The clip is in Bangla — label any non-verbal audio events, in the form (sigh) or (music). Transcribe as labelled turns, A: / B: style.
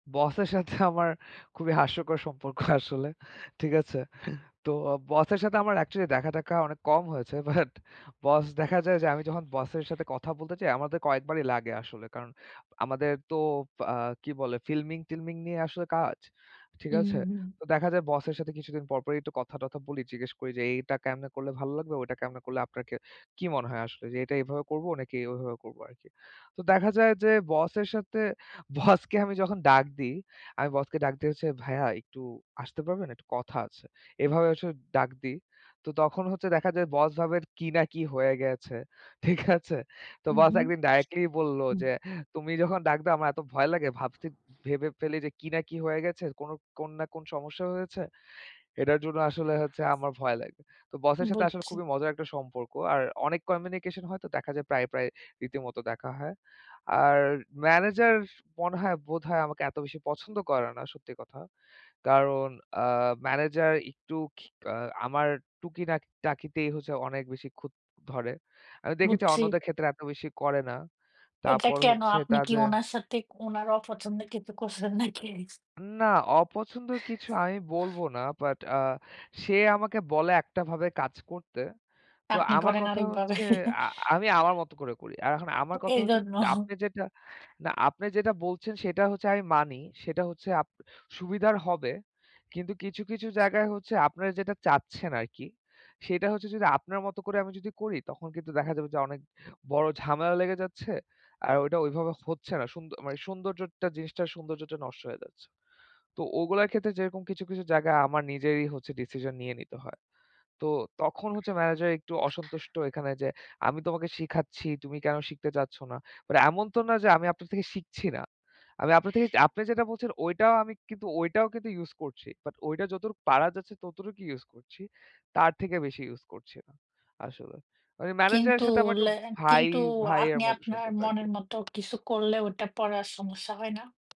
A: বসের সাথে আমার খুবই হাস্যকর সম্পর্ক আসলে। ঠিক আছে। তো বসের সাথে আমার অ্যাকচুয়ালি দেখা-টেখা অনেক কম হয়েছে। বাট বস দেখা যায় যে, আমি যখন বসের সাথে কথা বলতে যাই, আমাদের কয়েকবারই লাগে আসলে কারণ আমাদের তো আ কি বলে, ফিল্মিং-টিল্মিং নিয়ে আসলে কাজ। ঠিক
B: উম
A: আছে,
B: হুম।
A: তো দেখা যায়, বসের সাথে কিছুদিন পরপরই একটু কথা-টথা বলি। জিজ্ঞেস করি যে, এইটা কেমনে করলে ভালো লাগবে, ওইটা কেমনে করলে আপনাকে কি মনে হয় আসলে যে, এটা এভাবে করব নাকি ওইভাবে করব আরকি। তো দেখা যায় যে, বসের সাথে বসকে আমি যখন ডাক দিই, আমি বসকে ডাক দিয়েছি, "ভাইয়া একটু আসতে পারবেন? একটু কথা আছে।" এভাবে আসলে ডাক দিই। তো তখন হচ্ছে দেখা যায়, বস ভাবে কি না কি হয়ে গেছে, ঠিক আছে। তো
B: উ
A: বস
B: হুম,
A: ১ দিন ডাইরেক্‌ট্‌লিই বলল
B: হুম।
A: যে, “তুমি যখন ডাক দাও, আমার এত ভয় লাগে। ভাবছি ভেবে ফেলি যে কি না কি হয়ে গেছে, কোনো কোন না কোন সমস্যা হয়েছে। এটার জন্য আসলে হচ্ছে আমার ভয় লাগে।” তো বসের সাথে আসলে
B: বুঝছি।
A: খুবই মজার একটা সম্পর্ক। আর অনেক কমিউনিকেশন হয়। তো দেখা যায়, প্রায়, প্রায় রীতিমতো দেখা হয়। আর ম্যানেজার মনে হয় বোধহয় আমাকে এত বেশি পছন্দ করে না, সত্যি কথা। কারণ আ ম্যানেজার একটু খিক আ আমার টুকি টাক টাকিতেই হচ্ছে অনেক বেশি খুত ধরে। আমি দেখেছি,
B: বুঝছি।
A: অন্যদের ক্ষেত্রে এত বেশি করে না।
B: এটা
A: তারপর
B: কেনো?
A: হচ্ছে
B: আপনি কি
A: তাদের
B: উনার সাথে, উনার অপছন্দে, কিছু করছেন নাকি?
A: না, অপছন্দর কিছু আমি বলব না। বাট আ সে আমাকে বলে একটাভাবে কাজ করতে। তো
B: আপনি
A: আমার
B: করেন
A: কথা
B: আরেকভাবে।
A: হচ্ছে,
B: (chuckles)
A: আ আমি আমার মতো করে করি। আর এখন
B: তো
A: আমার কথা হচ্ছে,
B: এইজন্য।
A: আপনি যেটা না, আপনি যেটা বলছেন, সেটা হচ্ছে আমি মানি। সেটা হচ্ছে আপ সুবিধার হবে। কিন্তু কিছু, কিছু জায়গায় হচ্ছে, আপনারা যেটা চাচ্ছেন আরকি, সেটা হচ্ছে যদি আপনার মতো করে যদি আমি করি, তখন কিন্তু দেখা যাবে যে অনেক বড় ঝামেলা লেগে যাচ্ছে। আর ওইটা ওইভাবে হচ্ছে না। সুন্দ মানে সৌন্দর্যটা জিনিসটার সৌন্দর্যটা নষ্ট হয়ে যাচ্ছে। তো ওগুলার ক্ষেত্রে, যেরকম কিছু, কিছু জায়গায়, আমার নিজেরই হচ্ছে ডিসিশন নিয়ে নিতে হয়। তো তখন হচ্ছে ম্যানেজার একটু অসন্তুষ্ট এখানে যে, আমি তোমাকে শিখাচ্ছি, তুমি কেনো শিখতে চাচ্ছ না? আর এমন তো না যে আমি আপনার থেকে শিখছি না। আমি আপনার থেকে আপনি যেটা বলছেন, ওইটাও আমি কিন্তু ওইটাও কিন্তু ইউজ করছি। বাট ওইটা যতটুকু পারা যাচ্ছে, ততটুকু ইউজ করছি। তার থেকে বেশি ইউজ করছি আসলে। মানে ম্যানেজারের
B: কিন্তু
A: সাথে আমার একটু
B: লে
A: ভাই
B: কিন্তু
A: ভাইয়ের
B: আপনি
A: মতো
B: আপনার
A: সম্পর্ক আর কি।
B: মনের মতো কিছু করলে, ওটা পরে আর সমস্যা হয় না?